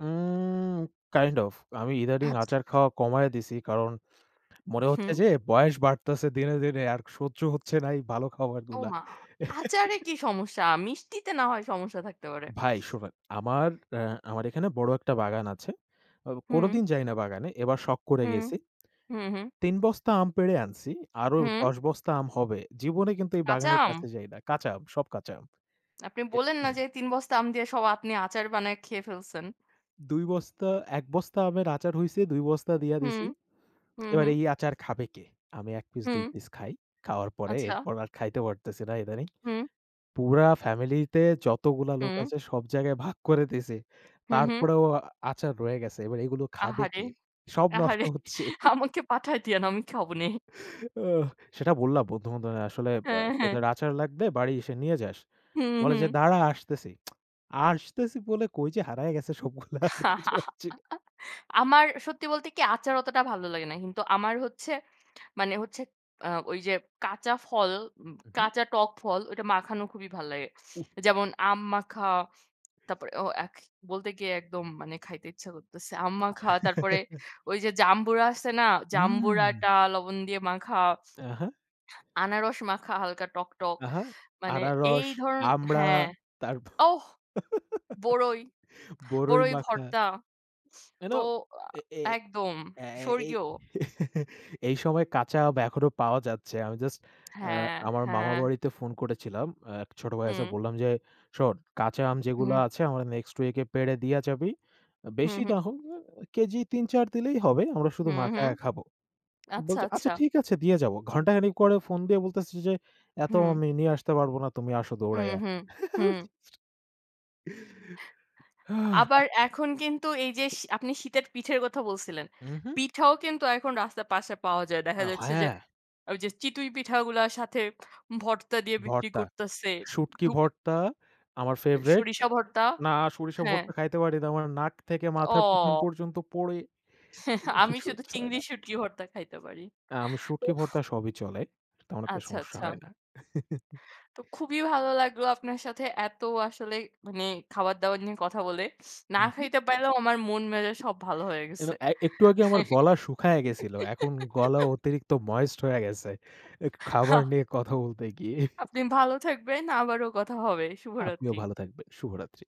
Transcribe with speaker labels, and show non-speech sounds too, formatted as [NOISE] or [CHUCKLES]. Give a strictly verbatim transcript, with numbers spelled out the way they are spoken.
Speaker 1: Um kind of. আমি ইদানীং
Speaker 2: আচ্ছা।
Speaker 1: আচার খাওয়া কমায় দিসি। কারণ মনে হচ্ছে
Speaker 2: উহুম।
Speaker 1: যে, বয়স বাড়তাসে দিনে, দিনে। আর সহ্য হচ্ছে না এই ভালো খাবারগুলা।
Speaker 2: ওমা! আচারে
Speaker 1: [CHUCKLES]
Speaker 2: কী সমস্যা? মিষ্টিতে না হয় সমস্যা থাকতে পারে।
Speaker 1: ভাই শোনেন, আমার অ্যা আমার এখানে বড় একটা বাগান আছে। আব কোনো
Speaker 2: হুম।
Speaker 1: দিন যাই না বাগানে। এবার শখ করে
Speaker 2: হুম।
Speaker 1: গেসি।
Speaker 2: হুম, হুম।
Speaker 1: তিন বস্তা আম পেড়ে আনসি। আরও
Speaker 2: হুম।
Speaker 1: দশ বস্তা আম হবে। জীবনে কিন্তু এই
Speaker 2: কাঁচা
Speaker 1: বাগানের
Speaker 2: আম?
Speaker 1: কাছে যাই না। কাঁচা আম, সব কাঁচা আম।
Speaker 2: আপনি
Speaker 1: এ
Speaker 2: বলেন না যে
Speaker 1: [CHUCKLES]
Speaker 2: এ তিন বস্তা আম দিয়ে সব আপনি আচার বানায় খেয়ে ফেলসেন?
Speaker 1: দুই বস্তা, এক বস্তা আমের আচার হইসে। দুই বস্তা দিয়া
Speaker 2: হুম।
Speaker 1: দিসি। [SMACKS LIPS]
Speaker 2: হুম,
Speaker 1: এবার
Speaker 2: হুম।
Speaker 1: এই আচার খাবে কে? আমি এক পিস, দুই
Speaker 2: হুম।
Speaker 1: পিস খাই। খাওয়ার পরে
Speaker 2: আচ্ছা।
Speaker 1: এরপর, আর খাইতে পারতেসি না ইদানীং।
Speaker 2: হুম।
Speaker 1: পুরা ফ্যামিলিতে যতগুলা লোক
Speaker 2: হুম।
Speaker 1: আছে, সব জায়গায় ভাগ করে দিসি।
Speaker 2: হুম, হুম।
Speaker 1: তারপরেও আচার রয়ে গেসে। এবার এইগুলো খাবে
Speaker 2: আহারে!
Speaker 1: কে? সব নষ্ট
Speaker 2: আহারে!
Speaker 1: হচ্ছে। [CHUCKLES]
Speaker 2: আমাকে পাঠায় দিয়েন, আমি খাবোনে।
Speaker 1: আহ সেটা বললাম বন্ধু-বান্ধব নাই। আসলে আ
Speaker 2: হ্যাঁ, হ্যাঁ।
Speaker 1: "তোদের আচার লাগবে, বাড়ি এসে নিয়ে যাস।"
Speaker 2: হুম,
Speaker 1: বলে যে,
Speaker 2: হুম।
Speaker 1: "দাঁড়া আসতেসি।" [TSK] আসতেসি বলে কই যে হারায়া গেসে সবগুলা। আর খুঁজে পাচ্ছি না।
Speaker 2: [LAUGHS] আমার সত্যি বলতে কী? আচার অতটা ভালো লাগে না। কিন্তু আমার হচ্ছে, মানে হচ্ছে, আ ওই যে কাঁচা ফল, উম
Speaker 1: উহুম।
Speaker 2: কাঁচা টক ফল, ওইটা মাখানো খুবই ভাল্লাগে।
Speaker 1: উফ!
Speaker 2: যেমন আম মাখা, তারপরে ও এখ বলতে গিয়ে একদম মানে খাইতে ইচ্ছা করতেসে। আম মাখা, তারপরে
Speaker 1: আ [CHUCKLES]
Speaker 2: ওই যে জামবুড়া আছে না,
Speaker 1: উম!
Speaker 2: জামবুড়াটা লবণ দিয়ে মাখা।
Speaker 1: অ্যাঁ হ্যাঁ।
Speaker 2: আনারস মাখা হালকা টক, টক।
Speaker 1: আহা।
Speaker 2: মানে এই
Speaker 1: আনারস,
Speaker 2: ধরন
Speaker 1: আমড়া,
Speaker 2: হ্যাঁ।
Speaker 1: তারপর
Speaker 2: ওহ!
Speaker 1: [LAUGHS]
Speaker 2: বরই, বরই
Speaker 1: বরইমাখা।
Speaker 2: ভর্তা।
Speaker 1: You
Speaker 2: তো
Speaker 1: know
Speaker 2: আ
Speaker 1: এ এ এই
Speaker 2: একদম।
Speaker 1: অ্যা অ্যা এই
Speaker 2: স্বর্গীয়।
Speaker 1: [CHUCKLES] এই সময়ে কাঁচা আম এখনো পাওয়া যাচ্ছে। আমি just
Speaker 2: [SMACKS LIPS]
Speaker 1: অ্যা
Speaker 2: হ্যাঁ,
Speaker 1: আমার মামার
Speaker 2: হ্যাঁ।
Speaker 1: বাড়িতে ফোন করেছিলাম। এক ছোট ভাই আছে।
Speaker 2: হুম।
Speaker 1: বললাম যে, "শোন কাঁচা আম যেগুলা
Speaker 2: হুম।
Speaker 1: আছে, আমার next week-এ পেড়ে দিয়া যাবি।
Speaker 2: হুম,
Speaker 1: বেশি
Speaker 2: হুম।
Speaker 1: না হোক, এ কেজি তিন-চার দিলেই হবে। আমরা শুধু
Speaker 2: হুম, হুম।
Speaker 1: মাখায়া খাব।"
Speaker 2: আচ্ছা,
Speaker 1: বলছে, "আচ্ছা
Speaker 2: আচ্ছা।
Speaker 1: ঠিক আছে দিয়ে যাব।" ঘণ্টাখানেক পরে ফোন দিয়ে বলতেসে যে, "এত
Speaker 2: হুম।
Speaker 1: আমি নিয়ে আসতে পারব না। তুমি আসো
Speaker 2: হুম,
Speaker 1: দৌড়াইয়া।"
Speaker 2: হুম।
Speaker 1: [CHUCKLES]
Speaker 2: হুম।
Speaker 1: [UNINTELLIGIBLE]
Speaker 2: আবার
Speaker 1: হাহ!
Speaker 2: এখন কিন্তু এই যে শী আপনি শীতের পিঠের কথা বলসিলেন।
Speaker 1: উহুম।
Speaker 2: পিঠাও কিন্তু এখন রাস্তার পাশে পাওয়া যায়। দেখা
Speaker 1: আ
Speaker 2: যাচ্ছে যে
Speaker 1: হ্যাঁ।
Speaker 2: ওই যে চিতুই পিঠাগুলা সাথে ভর্তা দিয়ে বিক্রি
Speaker 1: ভর্তা,
Speaker 2: করতাসে।
Speaker 1: শুটকি
Speaker 2: [UNINTELLIGIBLE]
Speaker 1: ভর্তা আমার favorite।
Speaker 2: সরিষা ভর্তা?
Speaker 1: না, সরিষার
Speaker 2: হ্যাঁ।
Speaker 1: ভর্তা খাইতে পারি না। আমার নাক থেকে মাথার পিছন
Speaker 2: অ!
Speaker 1: পর্যন্ত পোড়ে।
Speaker 2: [CHUCKLES] আমি শুধু
Speaker 1: সহ্য হয়
Speaker 2: চিংড়ি
Speaker 1: না।
Speaker 2: শুঁটি ভর্তা খাইতে পারি।
Speaker 1: আ আমি শুটকি
Speaker 2: উফ!
Speaker 1: ভর্তা সবই চলে। তেমন একটা
Speaker 2: আচ্ছা,
Speaker 1: সমস্যা
Speaker 2: আচ্ছা।
Speaker 1: হয় না। [CHUCKLES]
Speaker 2: তো খুবই ভালো লাগলো আপনার সাথে এত আসলে মানে খাবার-দাবার নিয়ে কথা বলে। না
Speaker 1: উহুম।
Speaker 2: খাইতে পাইরাও আমার মন-মেজাজ সব ভালো হয়ে
Speaker 1: You
Speaker 2: গেসে।
Speaker 1: know অ্যা একটু আগে আমার গলা শুকায়া গেসিল। এখন গলা
Speaker 2: [CHUCKLES]
Speaker 1: অতিরিক্ত moist হইয়া গেসে। এখ খাবার নিয়ে
Speaker 2: [CHUCKLES]
Speaker 1: কথা বলতে গিয়ে। [CHUCKLES]
Speaker 2: আপনি ভালো থাকবেন। আবারও কথা হবে।
Speaker 1: আপনিও
Speaker 2: শুভরাত্রি।
Speaker 1: ভালো থাকবেন। শুভরাত্রি।